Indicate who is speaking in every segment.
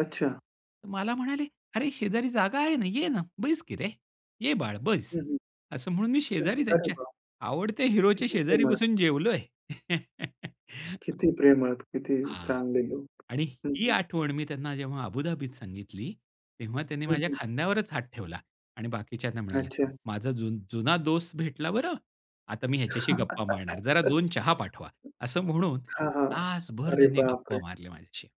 Speaker 1: अच्छा.
Speaker 2: तर मला म्हणाले, "अरे शेजारी जागा आहे ना, ये ना, बैस की रे. ये बाळ, बैस."
Speaker 1: हं, हं.
Speaker 2: असं म्हणून मी शेजारी
Speaker 1: [unintelligible] अरे
Speaker 2: त्यांच्या,
Speaker 1: बाप!
Speaker 2: आवडत्या हिरोच्या
Speaker 1: किती
Speaker 2: शेजारी
Speaker 1: प्रेमळ.
Speaker 2: बसून जेवलोय.
Speaker 1: किती प्रेमळ, किती
Speaker 2: हां.
Speaker 1: चांगले लोक.
Speaker 2: आणि
Speaker 1: हं,
Speaker 2: ही
Speaker 1: हं.
Speaker 2: आठवण मी त्यांना जेव्हा अबुधाबीत सांगितली, तेव्हा त्यांनी
Speaker 1: हं,
Speaker 2: माझ्या
Speaker 1: हं.
Speaker 2: खांद्यावरच हात ठेवला. आणि बाकीच्यांना म्हणाला,
Speaker 1: अच्छा.
Speaker 2: "माझा जुन जुना दोस्त भेटला बरं! आता मी ह्याच्याशी गप्पा मारणार, जरा 2 चहा पाठवा." असं म्हणून
Speaker 1: हां, हां,
Speaker 2: तासभर
Speaker 1: अरे
Speaker 2: त्यांनी गप्पा
Speaker 1: बापरे!
Speaker 2: मारल्या माझ्याशी.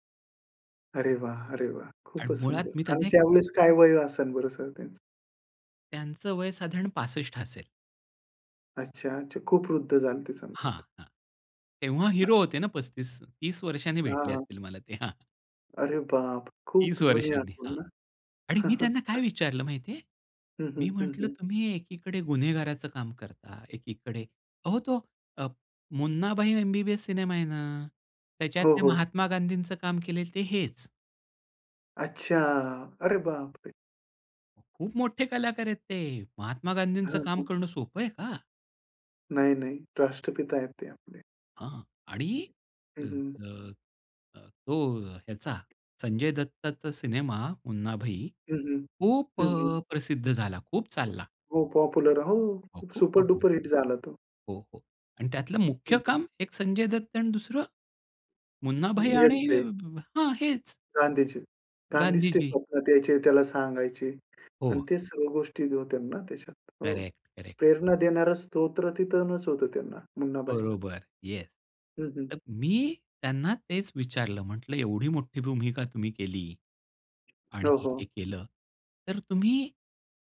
Speaker 1: अरे वाह! अरे वाह!
Speaker 2: आणि
Speaker 1: खूपच
Speaker 2: मुळात
Speaker 1: सुंदर!
Speaker 2: मी
Speaker 1: आणि
Speaker 2: त्यांना एक
Speaker 1: त्यावेळेस काय वय असेल बरं सर त्यांचं?
Speaker 2: त्यांचं वय साधारण 65 असेल.
Speaker 1: अच्छा, अच्छा, खूप वृद्ध झाले होते
Speaker 2: हां,
Speaker 1: सांगतात.
Speaker 2: हां. तेव्हा हिरो
Speaker 1: हां.
Speaker 2: होते ना 35 30 वर्षांनी
Speaker 1: हां,
Speaker 2: भेटले
Speaker 1: हां.
Speaker 2: असतील मला ते, हां.
Speaker 1: अरे बाप! खूप
Speaker 2: 30
Speaker 1: जुनी
Speaker 2: वर्षांनी, हां.
Speaker 1: आठवण ना!
Speaker 2: आणि मी त्यांना काय विचारलं माहिती आहे?
Speaker 1: हं, हं.
Speaker 2: मी
Speaker 1: हं,
Speaker 2: म्हटलं
Speaker 1: हं.
Speaker 2: तुम्ही एकीकडे गुन्हेगाराचं काम करता, एकीकडे अहो तो अ, मुन्नाभाई एमबीबीएस सिनेमा आहे ना,
Speaker 1: हो,
Speaker 2: त्याच्यातल्या
Speaker 1: हो.
Speaker 2: महात्मा गांधींचं काम केलेलं ते हेच.
Speaker 1: अच्छा, अरे बापरे!
Speaker 2: अहो खूप मोठे कलाकार आहेत ते! महात्मा गांधींचं
Speaker 1: हां,
Speaker 2: काम
Speaker 1: हां.
Speaker 2: करणं सोपं आहे का!?
Speaker 1: नाही नाही, राष्ट्रपिता आहेत ते आपले.
Speaker 2: हां. आणि अ,
Speaker 1: हं, हं.
Speaker 2: अ, अ, तो ह्याचा, संजय दत्तचा सिनेमा मुन्नाभाई,
Speaker 1: हं, हं.
Speaker 2: खूप
Speaker 1: हं,
Speaker 2: अ,
Speaker 1: हं.
Speaker 2: प्रसिद्ध झाला, खूप चालला.
Speaker 1: हो पॉप्युलर, हो
Speaker 2: हो, खूप पॉप्युलर.
Speaker 1: सुपर-डुपर हिट झाला तो.
Speaker 2: हो, हो आणि त्यातलं मुख्य
Speaker 1: हं, हं.
Speaker 2: काम एक संजय दत्त आणि दुसरं, मुन्नाभाई आणि
Speaker 1: यांचे.
Speaker 2: हां, हेच.
Speaker 1: गांधीजी. गांधीच ते
Speaker 2: गांधीजी.
Speaker 1: स्वप्नात यायचे, त्याला सांगायचे. आणि
Speaker 2: हो.
Speaker 1: ते सर्व गोष्टी होत्या ना त्याच्यात. हो,
Speaker 2: करेक्ट, करेक्ट.
Speaker 1: प्रेरणा देणारं स्तोत्र तिथूनच होतं त्यांना, मुन्नाभाईला.
Speaker 2: बरोबर, येस.
Speaker 1: हं, हं.
Speaker 2: तर मी त्यांना तेच विचारलं, म्हटलं एवढी मोठी भूमिका तुम्ही केली आणि
Speaker 1: हो, हो.
Speaker 2: हे केलं, तर तुम्ही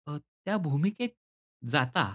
Speaker 2: अ, त्या भूमिकेत जाता